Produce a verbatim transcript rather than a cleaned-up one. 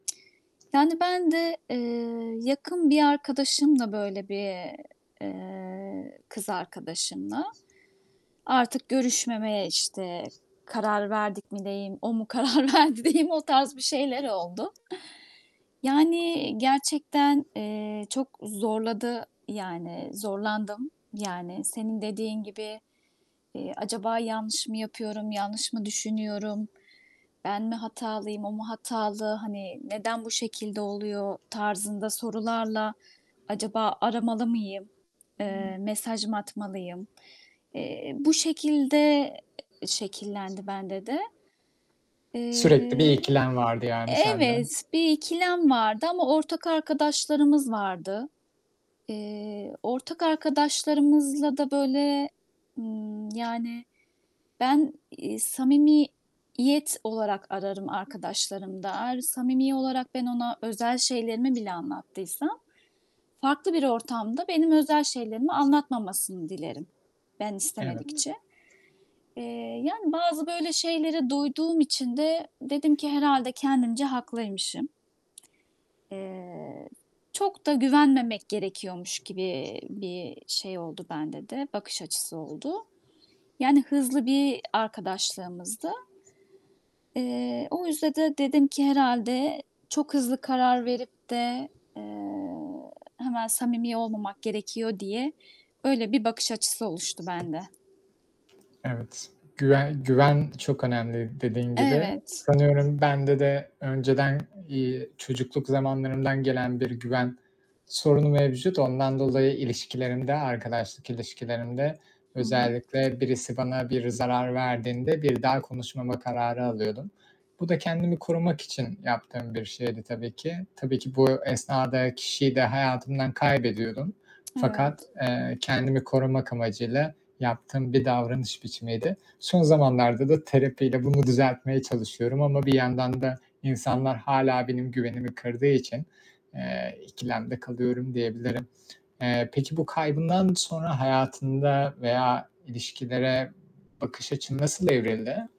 Yani, ben de, eee, yakın bir arkadaşımla böyle bir eee, eee, kız arkadaşımla artık görüşmemeye, işte, karar verdik mi diyeyim, o mu karar verdi diyeyim o tarz bir şeyler oldu. Yani, eee, gerçekten, eee, çok zorladı. Yani, zorlandım. Yani, senin dediğin gibi, eee, acaba yanlış mı yapıyorum, yanlış mı düşünüyorum, ben mi hatalıyım, o mu hatalı, hani, neden bu şekilde oluyor tarzında sorularla acaba aramalı mıyım, eee, mesaj mı atmalıyım? Eee, bu şekilde, eee, şekillendi bende de. Sürekli bir Eee, ikilem vardı, e yani, sende. evet, bir ikilem vardı ama ortak arkadaşlarımız vardı. Eee, ortak arkadaşlarımızla da böyle, ımm, yani, ben, eee, samimi yet olarak ararım arkadaşlarımda. Eğer samimi olarak ben ona özel şeylerimi bile anlattıysam, farklı bir ortamda benim özel şeylerimi anlatmamasını dilerim, ben Evet. istemedikçe. Eee, yani, bazı böyle şeylere duyduğum için de dedim ki herhâlde kendimce haklıymışım. Eee, çok da güvenmemek gerekiyormuş gibi bir şey oldu bende de, bakış açısı oldu. Yani, hızlı bir arkadaşlığımızdı. Eee, o yüzde de dedim ki herhâlde çok hızlı karar verip de, eee, hemen samimi olmamak gerekiyor diye öyle bir bakış açısı oluştu bende. Evet, güven güven çok önemli, dediğin gibi. Evet. Sanıyorum bende de önceden, iii, çocukluk zamanlarımdan gelen bir güven sorunu mevcut. Ondan dolayı, ilişkilerimde, arkadaşlık ilişkilerimde Hı hı. özellikle birisi bana biri zarar verdiğinde bir daha konuşmama kararı alıyordum. Bu da kendimi korumak için yaptığım bir şeydi tabii ki. Tabii ki bu esnade kişiyi de hayatımdan kaybediyordum fakat, Evet. eee, kendimi korumak amacıyla yaptığım bir davranış biçimiydi. Son zamanlarda da terapiyle bunu düzeltmeye çalışıyorum ama bir yandan da insanlar hâlâ benim güvenimi kırdığı için, eee, ikilemde kalıyorum diyebilirim. Eee, peki bu kaybından sonra hayatında veya ilişkilere bakış açın nasıl evrildi?